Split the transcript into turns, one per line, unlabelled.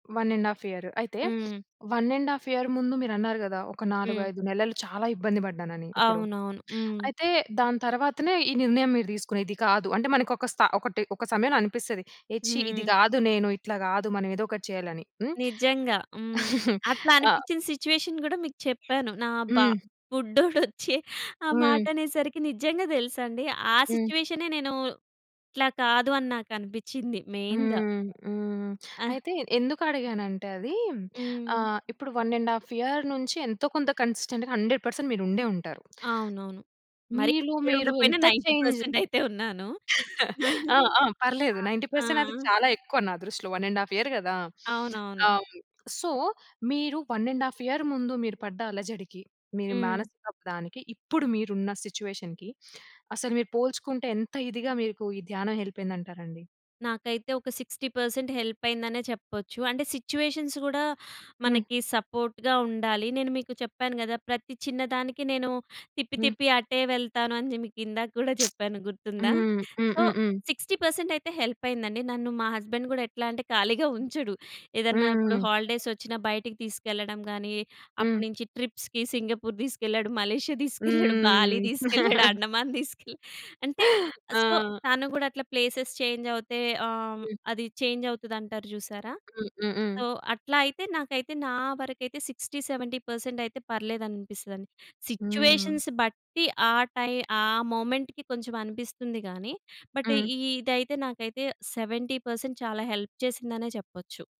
1 ½ year. అయితే,
హ్మ్.
1 ½ year ముందు మీరన్నారు గదా! ఒక
హ్మ్.
4, 5 నెలలు చాలా ఇబ్బంది బడ్డానని ఇప్పుడు.
అవునవును. హ్మ్.
అయితే దాని తరువాతనే ఈ నిర్ణయం మీరు తీసుగూనేది ఇది కాదు. అంటే మనకొక స్త ఒకటి ఒక సమయంలో అనిపిస్తది. ఏ ఛీ ఇది
హ్మ్.
గాదు, నేను ఇట్లా గాదు. మనం ఏదోకటి చేయాలని హ్మ్.
నిజంగా హ్మ్. అట్లా
ఆ!
అనిపిచ్చిన సిచ్యువేషన్ గూడా మీకు చెప్పాను. నా బా
హ్మ్.
బుడ్డోడొచ్చి ఆ
హ్మ్.
మాటనేసరికి నిజంగా తెలుసాండి ఆ
హ్మ్.
సిచ్యువేషనే నేను ఇట్లా కాదు అని నాకనిపించింది, మెయిన్‌గా.
హ్మ్, హ్మ్.
ఆ!
అయితే ఎందుకడిగానంటే అది
హ్మ్.
ఆహ్, ఇప్పుడు 1 ½ ఇయర్ నుంచి ఎంతో కొంత కన్సిస్టెంట్‌గా 100 పర్సెంట్ మీరు ఉండే ఉంటారు.
అవునవును.
మీలో
మరిక్కడ
మీరు
ఉండకపోయినా
ఎంత
90
చేంజ్
పర్సెంటయితే ఉన్నాను.
ఆ! ఆ!
ఆహ్,
పర్లేదు. 90
ఆ!
పర్సెంట్ అది చాలా ఎక్కువ నా దృష్టిలో. 1 ½ ఇయర్ గదా!
అవునవును.
ఆ! సో, మీరు 1 ½ ఇయర్ ముందు మీరు పడ్డ అలజడికి మీ
హ్మ్.
మానసికప్రాణికి ఇప్పుడు మీరున్న సిచ్యువేషన్‌కి అసలు మీరు పోల్చుకుంటే ఎంత ఇదిగా మీకు ఈ ధ్యానం హెల్పయిందంటారండి?
నాకైతే ఒక 60 పర్సెంట్ హెల్పయిందనే చెప్పొచ్చు. అంటే సిచ్యువేషన్స్ గూడా
హ్మ్.
మనకి సపోర్ట్‌గా ఉండాలి. నేను మీకు చెప్పాను గదా! ప్రతి చిన్న దానికి నేను తిప్పి
హ్మ్.
తిప్పి అటే వెళ్తాను అని మీకిందాక కూడా జెప్పాను గుర్తుందా?
హ్మ్.
సో
హుహుహు.
60 పర్సెంటయితే హెల్పయిందండి. నన్ను మా హస్బెండ్ గూడా ఎట్లా అంటే ఖాళీగా
హ్మ్.
ఉంచడు. ఏదన్నా ఇప్పుడు
హుహు.
హాలిడేస్ వచ్చిన బయటికి తీసుకెళ్ళడం గాని,
హ్మ్.
అప్పటినుంచి ట్రిప్స్‌కి సింగపూర్ దీసుకెళ్ళాడు. మలేషియా దీసుకెళ్ళాడు. బాలి
హ్మ్.
దీసుకెళ్ళాడు. అండమాన్ దీసుకెళ్ళా. అంటే ఆహ్, సో
ఆ!
తను గూడా అట్లా ప్లేసేస్ చేంజవుతే ఆహ్,
హ్మ్.
అది చేంజవుతది అంటారు జూసారా!
హ్మ్. హుహు.
సో, అట్లాయితే నాకైతే నా వరకైతే 60, 70 పర్సెంటయితే పర్లేదనిపిస్తదండి.
హ్మ్.
సిచ్యువేషన్స్ బట్టి ఆ టై ఆ మొమెంట్‌కి కొంచెం అనిపిస్తుంది గాని, బట్
హ్మ్.
ఇదైతే నాకైతే 70 పర్సెంట్ చాలా హెల్ప్ చేసిందనే చెప్పొచ్చు.